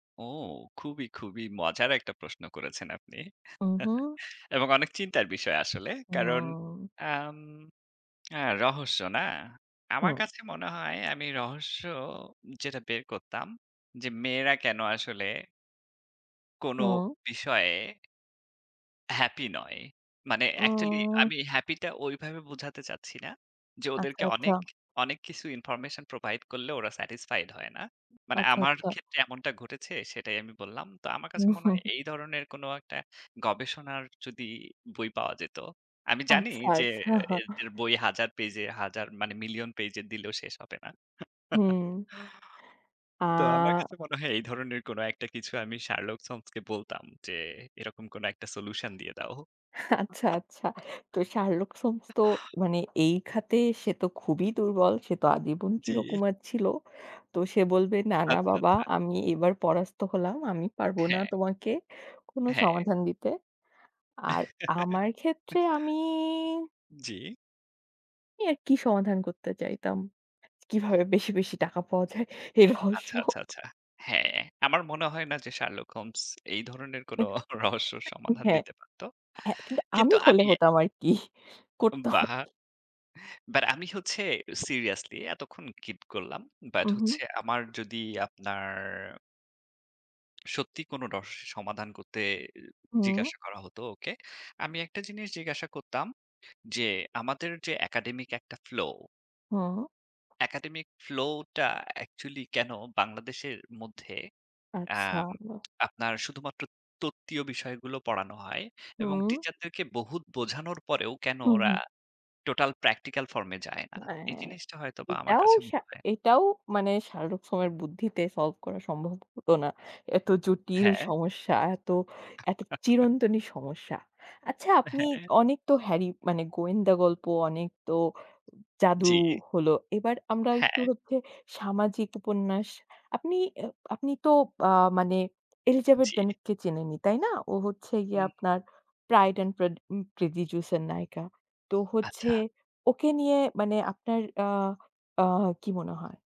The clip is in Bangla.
ও! খুবই, খুবই মজার একটা প্রশ্ন করেছেন আপনি উম, হু। এবং অনেক চিন্তার বিষয় আসলে। কারণ, উম। আম হ্যাঁ, রহস্য না? আমার হুম। কাছে মনে হয় আমি রহস্য যেটা বের করতাম যে, মেয়েরা কেনো আসলে কোনো হুম। বিষয়ে হ্যাপি নয়। মানে অ্যাকচুয়ালি উম আমি হ্যাপিটা ওইভাবে বোঝাতে চাচ্ছি না যে, আচ্ছা, ওদেরকে আচ্ছা। অনেক, অনেক কিছু information provide করলে ওরা satisfied হয় না। মানে আচ্ছা, আমার আচ্ছা। ক্ষেত্রে এমনটা ঘটেছে, সেটাই আমি বললাম। তো আমার কাছে মনে হয় এই ধরনের কোনো একটা গবেষণার যদি বই পাওয়া যেত। আমি জানি আচ্ছা, যে, আচ্ছা। এর যের বই হাজার পেজে, হাজার মানে মিলিয়ন পেজের দিলেও শেষ হবে না। হুম। তো আমার আ। কাছে মনে হয় এই ধরনের কোনো একটা কিছু আমি Sherlock Holmes-কে বলতাম যে, এরকম কোনো একটা solution দিয়ে দাও। আচ্ছা, আচ্ছা। তো Sherlock Holmes তো মানে এই খাতে সে তো খুবই দুর্বল। সে তো আজীবন জি। চিরকুমার ছিল। তো সে বলবে, "না, না আচ্ছা, বাবা আচ্ছা। আমি এবার পরাস্ত হলাম। আমি পারব না হ্যাঁ। তোমাকে কোনো হ্যাঁ। সমাধান দিতে।" আর আমার ক্ষেত্রে আমি জি। এর কী সমাধান করতে চাইতাম? কীভাবে বেশি, বেশি টাকা পাওয়া যায়, এই রহস্য। আচ্ছা, আচ্ছা, আচ্ছা। হ্যাঁ, আমার মনে হয় না যে Sherlock Holmes এই ধরনের কোনো রহস্যর সমাধান হ্যাঁ। দিতে পারত। হ্যাঁ, কিন্তু আমি কিন্তু হলে আমি হতাম আরকি। করতাম বাহ! আরকি। But আমি হচ্ছে seriously এতক্ষণ keep করলাম। But উম হু। হচ্ছে আমার যদি আপনার সত্যি কোনো রহস্যের সমাধান করতে হুম। জিজ্ঞাসা করা হতো ওকে, আমি একটা জিনিস জিজ্ঞাসা করতাম যে, আমাদের যে একাডেমিক একটা ফ্লো হুম। একাডেমিক ফ্লোটা অ্যাকচুয়ালি কেনো বাংলাদেশের মধ্যে আচ্ছা। অ্যাম [unintelligible] আপনার শুধুমাত্র তত্ত্বীয় বিষয়গুলো পড়ানো হয় এবং হুম। টিচারদেরকে বহুত বোঝানোর পরেও কেনো হু, ওরা হুম। টোটাল প্র্যাকটিক্যাল ফর্মে যায় না? এই হ্যাঁ, জিনিসটা হয়তোবা আমার এটাও কাছে শা মনে এটাও মানে Sherlock Holmes-এর বুদ্ধিতে solve করা সম্ভব হতো না। এত জটিল হ্যাঁ। সমস্যা, এত, এত চিরন্তনী সমস্যা। আচ্ছা, আপনি হ্যাঁ। অনেক তো হ্যারি মানে গোয়েন্দা গল্প, অনেক তো জাদু জি। হলো, এবার আমরা একটু হ্যাঁ। হচ্ছে সামাজিক উপন্যাস। আপনি, আপনি তো আ মানে Elizabeth জি। Bennet-কে চিনেনই, তাই না? ও হচ্ছে গিয়ে উম। আপনার Pride and Pred um Prejudice -এর নায়িকা। তো হচ্ছে আচ্ছা। ওকে নিয়ে মানে আপনার আ আ কী মনে হয়?